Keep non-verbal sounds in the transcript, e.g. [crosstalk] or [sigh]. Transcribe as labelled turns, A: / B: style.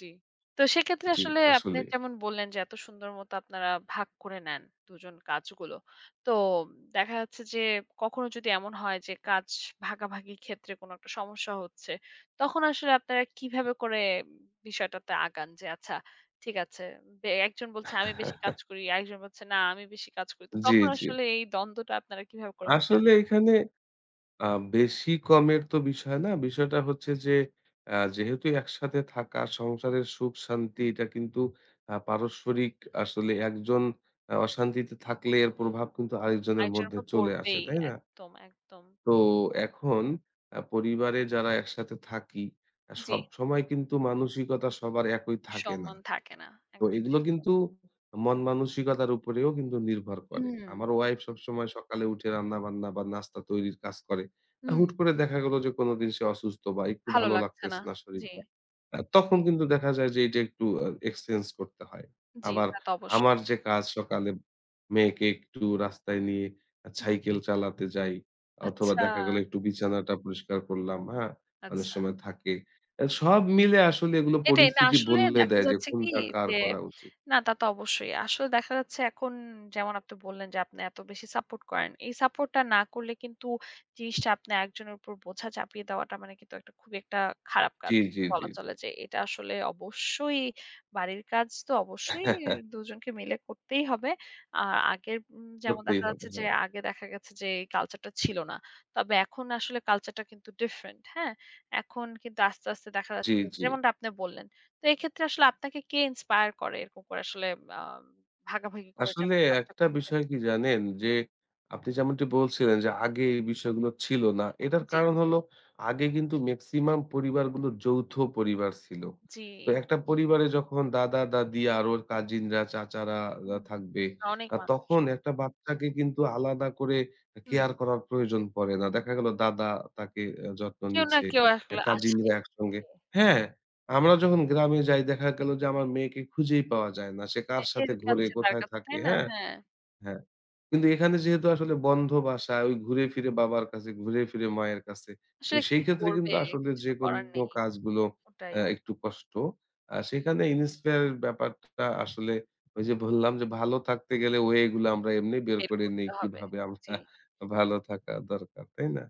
A: জি। তো সেক্ষেত্রে
B: জি,
A: আসলে আপনি
B: আসলেই।
A: যেমন বললেন যে এত সুন্দর মত আপনারা ভাগ করে নেন ২ জন কাজগুলো। তো দেখা যাচ্ছে যে কখনো যদি এমন হয় যে কাজ ভাগাভাগি ক্ষেত্রে কোন একটা সমস্যা হচ্ছে, তখন আসলে আপনারা কিভাবে করে বিষয়টাতে আগান? যে আচ্ছা ঠিক আছে। বে একজন বলছে "আমি বেশি কাজ
B: [chuckles]
A: করি।" আর একজন বলছে "না, আমি বেশি কাজ করি।" তো
B: জি,
A: তখন
B: জি।
A: আসলে এই দ্বন্দ্বটা আপনারা কিভাবে করে মিটান?
B: আসলে এখানে আ বেশি কমের তো বিষয় না। বিষয়টা হচ্ছে যে অ্যা যেহেতু একসাথে থাকা সংসারের সুখ শান্তি
A: হু।
B: এটা কিন্তু আ পারস্পরিক আসলে ১ জন অ অশান্তিতে
A: উ
B: থাকলে এর
A: জি।
B: প্রভাব কিন্তু আরেকজনের
A: আরেকজনের
B: মধ্যে
A: উপর
B: চলে আসে,
A: পড়বেই।
B: তাই না?
A: একদম, একদম।
B: তো এখন অ্যা পরিবারে যারা একসাথে থাকি, অ্যা
A: জি।
B: সবসময় কিন্তু মানসিকতা সবার একই থাকে না।
A: সম্মান থাকে না।
B: তো
A: একদম
B: এগুলো
A: ঠিক বলেছেন।
B: কিন্তু মন-মানসিকতার উপরেও কিন্তু নির্ভর করে।
A: হুম।
B: আমার ওয়াইফ সবসময় সকালে উঠে রান্নাবান্না বা নাস্তা তৈরির কাজ করে। আ
A: হুম।
B: হুট করে দেখা গেল যে কোনদিন সে অসুস্থ বা একটু
A: ভালো
B: ভালো
A: লাগছে না।
B: লাগতেছে না
A: জি।
B: শরীরটা। আ তখন কিন্তু দেখা যায় যে এইটা একটু অ এক্সচেঞ্জ করতে হয়।
A: জি,
B: আবার
A: তা তো অবশ্যই।
B: আমার যে কাজ সকালে মেয়েকে একটু রাস্তায় নিয়ে আ
A: হুম।
B: সাইকেল চালাতে যাই অথবা
A: আচ্ছা।
B: দেখা গেলো একটু বিছানাটা পরিষ্কার করলাম, হ্যাঁ? অনেক
A: আচ্ছা।
B: সময় থাকে। অ্যা সব মিলে আসলে এগুলো
A: এটাই। না
B: পরিস্থিতি
A: আসলে
B: বললে
A: দেখা
B: দেয় যে
A: যাচ্ছে কি
B: কোনটা কার
A: যে
B: করা উচিত।
A: না তা তো অবশ্যই। আসলে দেখা যাচ্ছে এখন যেমন আপনি বললেন যে আপনি এত বেশি সাপোর্ট করেন। এই সাপোর্টটা না করলে কিন্তু জিনিসটা আপনি একজনের উপর বোঝা চাপিয়ে দেওয়াটা মানে কিন্তু একটা খুবই একটা খারাপ কাজ।
B: জি, জি, জি,
A: বলা
B: জি।
A: চলে যে এটা আসলে অবশ্যই বাড়ির কাজ তো অবশ্যই
B: [chuckles]
A: ২ জনকে মিলে করতেই হবে। আ আগের উম যেমন
B: করতেই
A: দেখা
B: হবে।
A: যাচ্ছে যে
B: হ্যাঁ।
A: আগে দেখা গেছে যে এই কালচারটা ছিল না। তবে এখন আসলে কালচারটা কিন্তু ডিফারেন্ট, হ্যাঁ? এখন কিন্তু আস্তে, আস্তে দেখা
B: জি,
A: যাচ্ছে
B: জি।
A: যেমনটা আপনি বললেন। তো এক্ষেত্রে আসলে আপনাকে কে ইন্সপায়ার করে? এরকম করে আসলে আ ভাগাভাগি করে যে
B: আসলে
A: আপনি কাজটা
B: একটা
A: করছেন?
B: বিষয় কি জানেন? যে আপনি যেমনটি বলছিলেন যে আগে
A: জি।
B: এই বিষয়গুলো ছিল না। এটার
A: জি।
B: কারণ হল আগে কিন্তু মেক্সিমাম পরিবারগুলো যৌথ পরিবার ছিল।
A: জি।
B: তো একটা পরিবারে যখন দাদা-দাদি আর ওর কাজিনরা, চাচারা ওরা
A: হুম।
B: থাকবে।
A: আ অনেক
B: আ
A: মানুষ।
B: তখন ১ টা বাচ্চাকে কিন্তু আলাদা করে এ
A: হুম।
B: কেয়ার করার প্রয়োজন পড়ে না। দেখা গেল দাদা তাকে অ্যা যত্ন
A: কেউ না
B: নিচ্ছে,
A: কেউ
B: অ্যা
A: আসলে আছেই।
B: কাজিনরা একসঙ্গে
A: জি।
B: হ্যাঁ, আমরা যখন গ্রামে যাই দেখা গেল যে আমার মেয়েকে খুঁজেই পাওয়া যায় না। সে কার
A: হ্যাঁ এর
B: সাথে ঘোরে,
A: কাছে তার
B: কোথায়
A: কাছে,
B: থাকে
A: তাই না?
B: হ্যাঁ?
A: হ্যাঁ।
B: হ্যাঁ। কিন্তু এখানে যেহেতু আসলে বন্ধ বাসা ওই ঘুরে ফিরে বাবার কাছে, ঘুরে ফিরে মায়ের কাছে। তো
A: আসলে কি
B: সেইক্ষেত্রে
A: করবে?
B: কিন্তু আসলে
A: কিছু তো করার
B: যেকোনো
A: নেই।
B: কাজগুলো
A: ওটাই।
B: অ্যা একটু কষ্ট। আ সেখানে inspire ব্যাপারটা আসলে ওইযে বললাম যে ভালো থাকতে গেলে ওয়েগুলা আমরা এমনি বের
A: বের
B: করে নেই।
A: করতে হবে,
B: কিভাবে আমরা
A: জি।
B: ভালো থাকা দরকার, তাই না?